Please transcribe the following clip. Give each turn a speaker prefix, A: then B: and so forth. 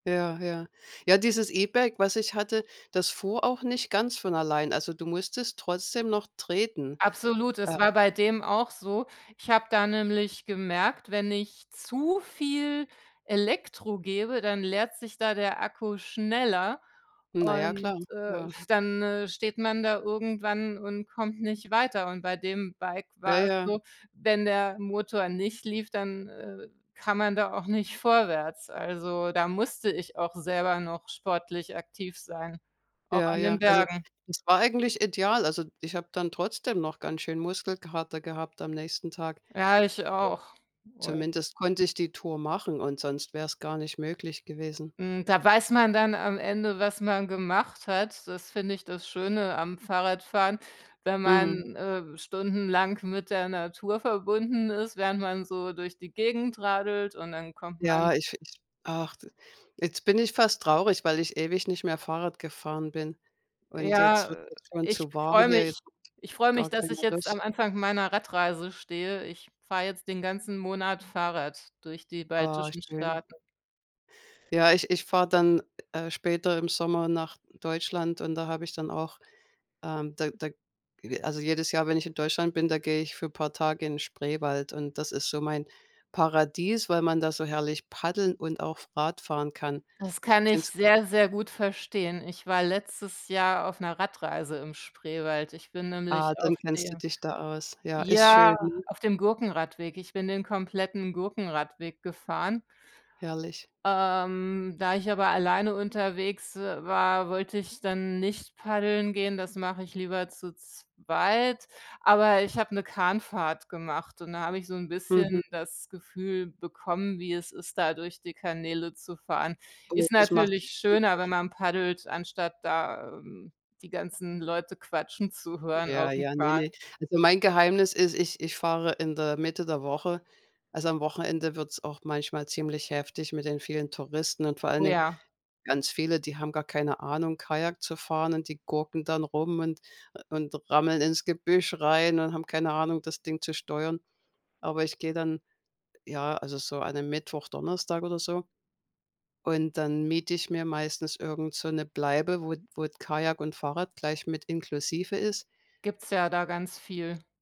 A: Ja, ja. Ja, dieses E-Bike, was ich hatte, das fuhr auch nicht ganz von allein, also, du musstest trotzdem noch treten,
B: Absolut,
A: äh.
B: es war bei dem auch so. Ich habe da nämlich gemerkt, wenn ich zu viel Elektro gebe, dann leert sich da der Akku schneller
A: Na ja,
B: und,
A: klar,
B: äh,
A: ja.
B: dann, äh, steht man da irgendwann und kommt nicht weiter. Und bei dem Bike
A: Ja,
B: war es
A: ja.
B: so, wenn der Motor nicht lief, dann, äh, kann man da auch nicht vorwärts, also da musste ich auch selber noch sportlich aktiv sein, auch
A: Ja,
B: an den
A: ja, also
B: Bergen.
A: es war eigentlich ideal, also, ich habe dann trotzdem noch ganz schön Muskelkater gehabt am nächsten Tag.
B: Ja, ich auch und
A: [unintelligible] Zumindest konnte ich die Tour machen und sonst wär's gar nicht möglich gewesen.
B: Hm, da weiß man dann am Ende, was man gemacht hat, das finde ich das Schöne am Fahrradfahren, wenn
A: Mhm.
B: man, äh, stundenlang mit der Natur verbunden ist, während man so durch die Gegend radelt und dann kommt man
A: Ja, ich ich ach, jetzt bin ich fast traurig, weil ich ewig nicht mehr Fahrrad gefahren bin und
B: Ja,
A: jetzt wird
B: äh,
A: das schon
B: ich
A: zu warm
B: freue
A: hier,
B: mich
A: jetzt habe
B: ich
A: ich
B: freue mich,
A: gar
B: dass
A: keine
B: ich jetzt
A: Lust.
B: am Anfang meiner Radreise stehe. Ich fahre jetzt den ganzen Monat Fahrrad durch die
A: Oh,
B: baltischen
A: schön.
B: Staaten.
A: Ja, ich ich fahre dann, äh, später im Sommer nach Deutschland und da habe ich dann auch ähm, da da ge also, jedes Jahr, wenn ich in Deutschland bin, da gehe ich für paar Tage in Spreewald und das ist so mein Paradies, weil man da so herrlich Paddeln und auch Radfahren kann.
B: Das kann ich
A: Kennst
B: sehr, sehr gut verstehen. Ich war letztes Jahr auf 'ner Radreise im Spreewald. Ich bin
A: Ah,
B: nämlich
A: dann
B: auf
A: kennst du
B: dem
A: dich da aus. Ja, ist
B: ja,
A: schön, ne?
B: auf dem Gurkenradweg, ich bin den kompletten Gurkenradweg gefahren.
A: Herrlich.
B: Ähm, da ich aber alleine unterwegs w war, wollte ich dann nicht paddeln gehen, das mache ich lieber zu zweit, aber ich habe 'ne Kahnfahrt gemacht und da habe ich so 'n
A: Mhm.
B: bisschen das Gefühl bekommen, wie es ist, da durch die Kanäle zu fahren.
A: Oh,
B: Ist
A: das macht
B: natürlich
A: super
B: schöner, wenn
A: Spa
B: man paddelt, anstatt da, ähm, die ganzen Leute quatschen zu hören
A: Ja,
B: aufm
A: ja, ne, ne.
B: Kahn.
A: Also mein Geheimnis ist, ich ich fahre in der Mitte der Woche. Also, am Wochenende wird's auch manchmal ziemlich heftig mit den vielen Touristen und vor allen
B: Oh,
A: Dingen,
B: ja.
A: ganz viele, die haben gar keine Ahnung, Kajak zu fahren und die gurken dann rum und, äh, und rammeln ins Gebüsch rein und haben keine Ahnung, das Ding zu steuern. Aber ich gehe dann, ja, also so an 'nem Mittwoch, Donnerstag oder so und dann miete ich mir meistens irgend so 'ne Bleibe, wo wo Kajak und Fahrrad gleich mit inklusive ist.
B: Gibt's ja da ganz viel.